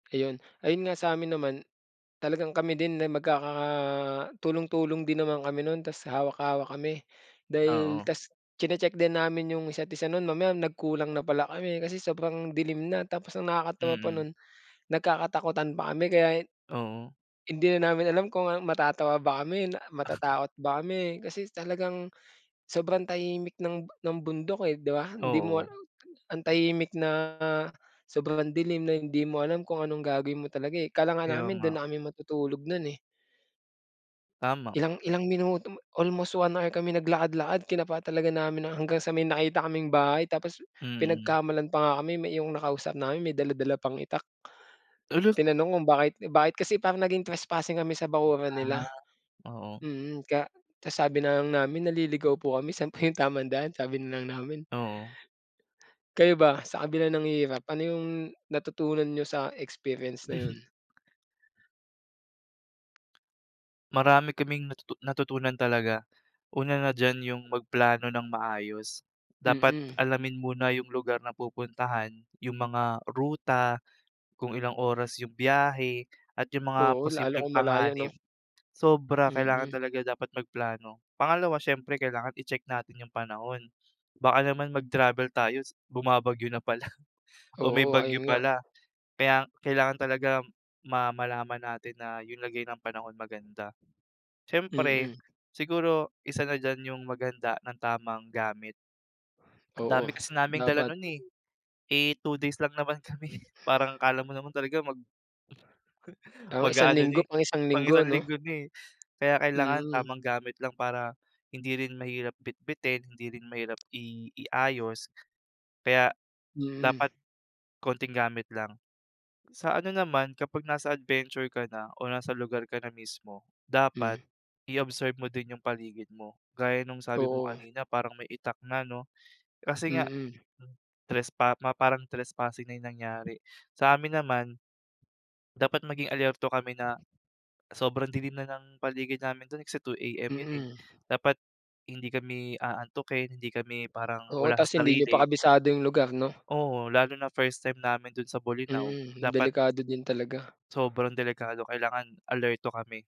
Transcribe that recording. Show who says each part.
Speaker 1: Ayun. Ayun nga, sa'min naman, talagang kami din na magkakatulong-tulong din naman kami nun ta's hawak-hawak kami. Dahil
Speaker 2: Oo.
Speaker 1: ta's tsine-check din namin 'yung isa't isa nun, mamaya nagkulang na pala kami, kasi sobrang dilim na. Tapos ang nakakatawa pa
Speaker 2: Mm.
Speaker 1: nun, nagkakatakutan pa kami kaya,
Speaker 2: Oo.
Speaker 1: hindi na namin alam kung ano matatawa ba kami, matatakot ba kami, kasi talagang sobrang tahimik ng ng bundok, eh 'di ba. Hindi mo ala
Speaker 2: Oo.
Speaker 1: ang tahimik na, sobrang dilim na hindi mo alam kung anong gagawin mo talaga, eh. Akala nga
Speaker 2: Kaya
Speaker 1: namin
Speaker 2: nga.
Speaker 1: dun na kami matutulog nun, eh.
Speaker 2: Tama.
Speaker 1: Ilang ilang minuto almost 1 hour kami naglakad-lakad, kinapa talaga namin na hanggang sa may nakita kaming bahay, tapos
Speaker 2: Mm.
Speaker 1: pinagkamalan pa nga kami, may iyong nakausap namin, may dala-dala pang itak.
Speaker 2: Hala!
Speaker 1: Tinanong kung bakit bakit kasi parang naging trespassing kami sa bakuran
Speaker 2: Ah,
Speaker 1: nila.
Speaker 2: oo.
Speaker 1: Mm, kaya ta's sabi na lang namin, "Naliligaw po kami, sa'n po 'yung tamang daan?" Sabi na lang namin.
Speaker 2: Oo.
Speaker 1: Kayo ba, sa kabila ng hirap, ano 'yung natutunan niyo sa experience na 'yun?
Speaker 2: Marami kaming natutu natutunan talaga. Una na diyan 'yung magplano ng maayos. Dapat
Speaker 1: Mm.
Speaker 2: alamin muna 'yung lugar na pupuntahan, 'yung mga ruta, kung ilang oras 'yung biyahe at 'yung mga
Speaker 1: Oo, lalo
Speaker 2: posibleng
Speaker 1: kung malayo
Speaker 2: panganib.
Speaker 1: 'no?
Speaker 2: Sobra, kailangan
Speaker 1: Mm.
Speaker 2: talaga dapat magplano. Pangalawa, siyempre kailangan i-check natin 'yung panahon. Baka naman mag-travel tayo ta's bumabagyo na pala o may
Speaker 1: Oo,
Speaker 2: bagyo
Speaker 1: ayun nga.
Speaker 2: pala. Kaya kailangan talaga ma malalaman natin na 'yung lagay ng panahon maganda. Siyempre
Speaker 1: Mm.
Speaker 2: siguro isa na diyan 'yung maghanda ng tamang gamit. Ang dami
Speaker 1: Oo, s
Speaker 2: kasi naming dala
Speaker 1: dapat.
Speaker 2: nun, eh. Eh, 2 days lang naman kami, parang akala mo naman talaga mag
Speaker 1: Oo, isang
Speaker 2: mag-aano
Speaker 1: linggo,
Speaker 2: na, eh,
Speaker 1: pang isang
Speaker 2: pang
Speaker 1: linggo
Speaker 2: isang
Speaker 1: 'no.
Speaker 2: linggo na, eh. Kaya kailangan
Speaker 1: Mm.
Speaker 2: tamang gamit lang para, hindi rin mahirap bitbitin, hindi rin mahirap i iayos. Kaya
Speaker 1: Mm.
Speaker 2: dapat konting gamit lang. Sa ano naman, kapag nasa adventure ka na, o nasa lugar ka na mismo, dapat
Speaker 1: Mm.
Speaker 2: i-observe mo din 'yung paligid mo. Gaya nung sabi mo
Speaker 1: Oo.
Speaker 2: kanina parang may itak na 'no, kasi nga
Speaker 1: Mm.
Speaker 2: trespa ma parang trespassing na 'yung nangyari. Sa'min naman, dapat maging alerto kami na sobrang dilim na ng paligid namin dun kasi 2 AM 'yun, eh.
Speaker 1: Mm.
Speaker 2: Dapat hindi kami aantukin, hindi kami parang
Speaker 1: Oo,
Speaker 2: wala
Speaker 1: ta's
Speaker 2: sa
Speaker 1: hindi niyo pa
Speaker 2: sarili.
Speaker 1: kabisado 'yung lugar 'no.
Speaker 2: Oo, lalo na first time namin dun sa Bolinao,
Speaker 1: Mm,
Speaker 2: dapat
Speaker 1: delikado din talaga.
Speaker 2: Sobrang delikado kailangan alerto kami.